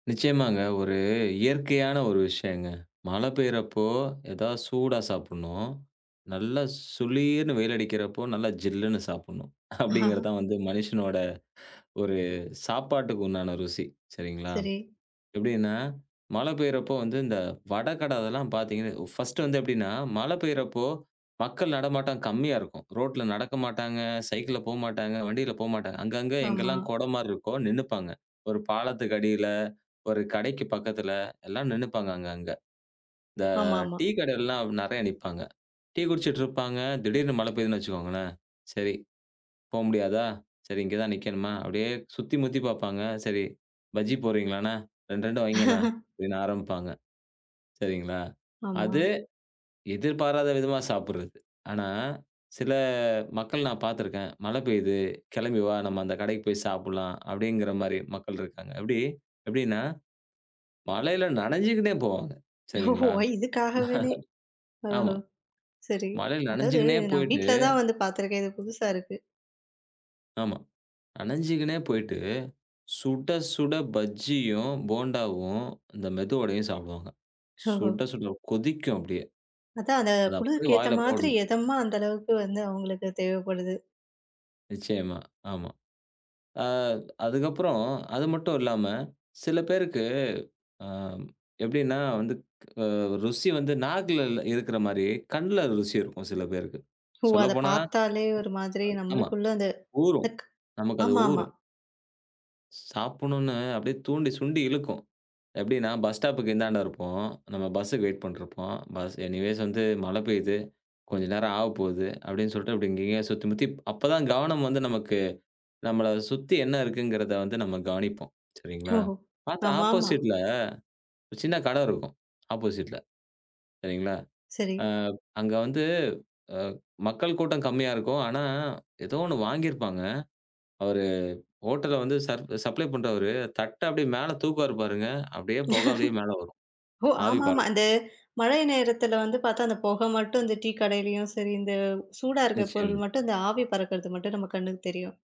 நிச்சயமாங்க. ஒரு இயற்கையான ஒரு விஷயங்க. மழை பெய்றப்போ, எதாவது சூடா சாப்புட்ணும், நல்லா சுளீர்ன்னு வெயில் அடிக்கிறப்போ நல்லா ஜில்லுன்னு சாப்புட்ணும். அப்படிங்கிற தான் வந்து மனுஷனோட ஒரு. சாப்பாட்டுக்கு உண்டான ருசி, சரிங்களா. சரி. எப்டின்னா, மழை பெய்யிறப்போ வந்து இந்த வட கட அதெல்லாம் பாத்தீங்கன்னா ஒ ஃபர்ஸ்ட்டு வந்து எப்படின்னா, மழை பெய்யிறப்போ, மக்கள் நடமாட்டம் கம்மியா இருக்கும். ரோட்டுல நடக்க மாட்டாங்க, சைக்கிள்ல போமாட்டாங்க, வண்டில போமாட்டாங்க. அங்கங்க ஆமா. எங்கல்லாம் கொட மாரி இருக்கோ நின்னுப்பாங்க. ஒரு பாலத்துக்கு அடியில, ஒரு கடைக்கு பக்கத்துல, எல்லாம் நின்னுப்பாங்க, அங்க அங்க. இந்த ஆமாமா. டீ கடையிலலாம் அப்டி நெறையா நிப்பாங்க. டீ குடிச்சிட்டு இருப்பாங்க, திடீர்னு மழை பெய்துன்னு வச்சுக்கோங்களேன், "சரி, போ முடியாதா? சரி ம். இங்க தான் நிக்கணுமா?" அப்படியே சுத்தி முத்தி பாப்பாங்க, "சரி பஜ்ஜி போடுறீங்களாண்ண? 2, 2 வைங்கண்ண" அப்டின்னு ஆரம்மிப்பாங்க. சரிங்களா. ஆமா. அது, எதிர்பாராத விதமா சாப்புட்றது. ஆனா, சில மக்கள் நான் பாத்திருக்கேன், மழை பெய்து கெளம்பி வா நம்ம அந்த கடைக்கு போய் சாப்புட்லாம், அப்படிங்கிற மாரி மக்கள் இருக்காங்க. அப்டி, எப்டினா, மழையில நனைஞ்சுகினே போவாங்க. ஓஹோஹோ! சரிங்களா, வய், இதுக்காகவனே ஆமா. ஓஹோ! சரி. மழையில அதாது நனைஞ்சுகினே நான் போயிட்டு வீட்ல தான் வந்து பாத்திருக்கேன். இது புதுசா இருக்கு! ஆமா, நனைஞ்சுகினே போய்ட்டு, சுட சுட பஜ்ஜியும், போண்டாவும், இந்த மெது வடையும் சாப்டுவாங்க. ஓஹோ! சுட சுட. கொதிக்கும் அப்டியே. அதான், அத அத அப்டியே குளிர்க்கு ஏத்த வாயில மாதிரி, போடணும். எதமா, அந்த அளவுக்கு வந்து அவுங்களுக்கு தேவைப்படுது. நிச்சயமா, ஆமா. ஆ அதுக்கப்புறம், அது மட்டும் இல்லாம, சில பேருக்கு, ஆம் எப்டின்னா, வந்துக் க ருசி வந்து நாக்குல இல்ல இருக்கிற மாரி கண்ல ருசி இருக்கும், சில பேருக்கு. ஓ! அத சொல்லப்போனா, பாத்தாலே ஒரு மாதிரி [unintelligible] ஆமா. நம்மளுக்குள்ள அந்த ஊறும். இந்தக் நமக்கு அது ஆமாமா. ஊறும். சாப்புணுன்னு அப்படியே தூண்டி, சுண்டி இழுக்கும். எப்டின்னா, பஸ் ஸ்டாப்புக்கு இந்தாண்ட இருப்போம், நம்ம பஸ்ஸுக்கு வெயிட் பண்ட்ருப்போம், பஸ் எனிவேஸ் வந்து மழை பெய்யுது, கொஞ்சம் நேரம் ஆவப்போது, அப்படின்னு சொல்ட்டு, அப்டி இங்கங்கயே சுத்தி முத்திப் அப்பதான் கவனம் வந்து நமக்கு, நம்மள சுத்தி என்ன இருக்குங்கிறத வந்து நம்ம கவனிப்போம், சரிங்களா! ஓஹோ! பாத்தா ஆமாமா. ஆப்போசிட்ல ஒரு சின்ன கடை இருக்கும், ஆப்போசிட்ல சரிங்களா, சரி. ஆ, அங்க வந்து அ மக்கள் கூட்டம் கம்மியா இருக்கும், ஆனா ஏதோ 1 வாங்கியிருப்பாங்க, அவரு ஹோட்டல்ல வந்து சர்ப் சப்ளை பண்றவரு தட்ட அப்டியே மேல தூக்குவாரு பாருங்க, அப்டியே புகை அப்டியே மேல வரும், ஓ! ஆவி ஆமாமா. பறக்கும். அது, மழை நேரத்தில வந்து பாத்தா, அந்த புகை மட்டும் இந்த டீ கடையிலயும் சரி, இந்த சூடா இருக்க நிச்சயமா. பொருள் மட்டும் இந்த ஆவி பறக்குறது மட்டும் நம்ம கண்ணுக்கு தெரியும்.